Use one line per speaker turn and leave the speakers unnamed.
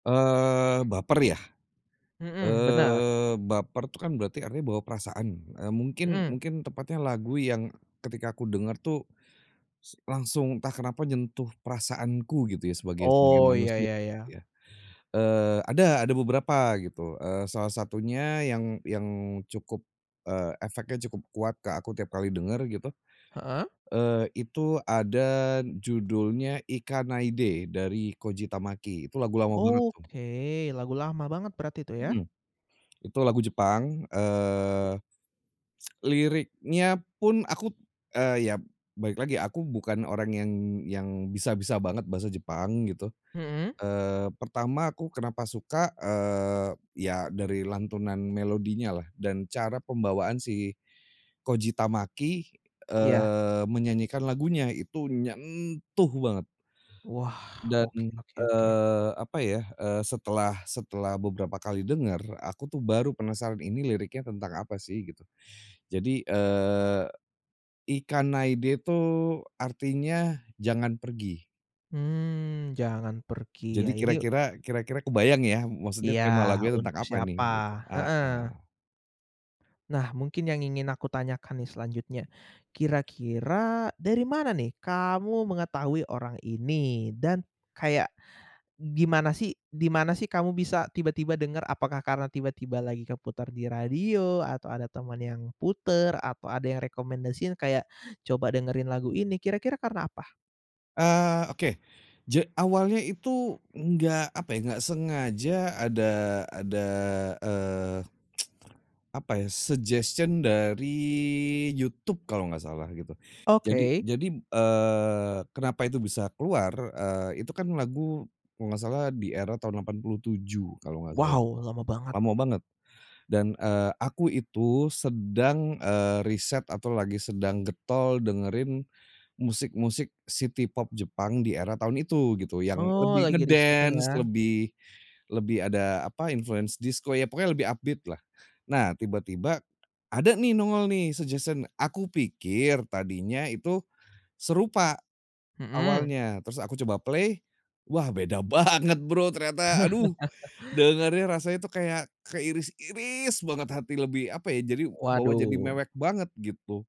Eee, baper ya,
Mhm, benar.
eee, baper tuh kan berarti artinya bawa perasaan, eee, mungkin
Mhm.
mungkin tepatnya lagu yang, eee, ketika kudengar tuh, s langsung entah kenapa nyentuh perasaanku gitu ya, sebagai sebagai
Oh, iya
manusia
iya iya.
ya. Eee, ada ada beberapa gitu, eee, salah satunya yang yang cukup, eee, efeknya cukup ke aku tiap kali denger gitu,
Heeh.
eee, itu ada judulnya Ikanaide, dari Koji Tamaki. Itu lagu lama banget tuh.
Oke, lagu lama banget berarti tuh ya?
Mhm, itu lagu Jepang, eee, liriknya pun aku t eee, ya balik lagi, aku bukan orang yang yang bisa bisa banget bahasa Jepang gitu.
Mhm.
Eee, pertama aku kenapa suka, eee, ya dari lantunan melodinyalah dan cara pembawaan si Koji Tamaki,
Iya.
eee, menyanyikan lagunya itu nyentuh banget.
Wah,
Dan,
oke oke oke.
eee, apa ya, eee, setelah setelah beberapa kali denger, aku tuh baru penasaran ini liriknya tentang apa sih gitu. Jadi, eee, Ikanaide itu artinya jangan pergi.
Mmm, jangan pergi,
Jadi
ya ini
kira-kira kira-kira kebayang ya, maksudnya
Iya,
tema lagunya
untuk
tentang apa ini
siapa,
gitu,
heeh.
heeh.
Nah, mungkin yang ingin aku tanyakan nih selanjutnya. Kira-kira dari mana nih, kamu
Mmh.
mengetahui orang ini dan kayak gimana sih di mana sih, kamu bisa tiba-tiba denger? Apakah karena tiba-tiba lagi keputar di radio atau ada teman yang puter atau ada yang rekomendasiin, kayak coba dengerin lagu ini, kira-kira karena apa?
Eee, oke, ja awalnya itu enggak apa ya, enggak sengaja ada ada, eee, Apa ya, suggestion dari YouTube kalau enggak salah gitu. Jadi
Oke.
jadi, eee, kenapa itu bisa keluar, eee, itu kan lagu kalau enggak salah di era tahun 87 kalau enggak salah,
Wow, lama banget.
lama banget, dan, eee, aku itu sedang, eee, riset atau lagi sedang getol dengerin, musik-musik city pop Jepang di era tahun itu gitu, yang
Oh,
lebih
lagi riset nih ya?
nge-dance lebih lebih ada apa influence disko. Ya pokoknya lebih up beat-lah. Nah tiba-tiba, ada nih, nongol nih, suggestion, aku pikir tadinya itu serupa
Mhm.
awalnya, terus aku coba play, wah, beda banget Bro, ternyata aduh, dengernya rasanya itu kayak keiris-iris banget hati lebih apa ya, jadi bawa jadi
Waduh.
mewek banget gitu.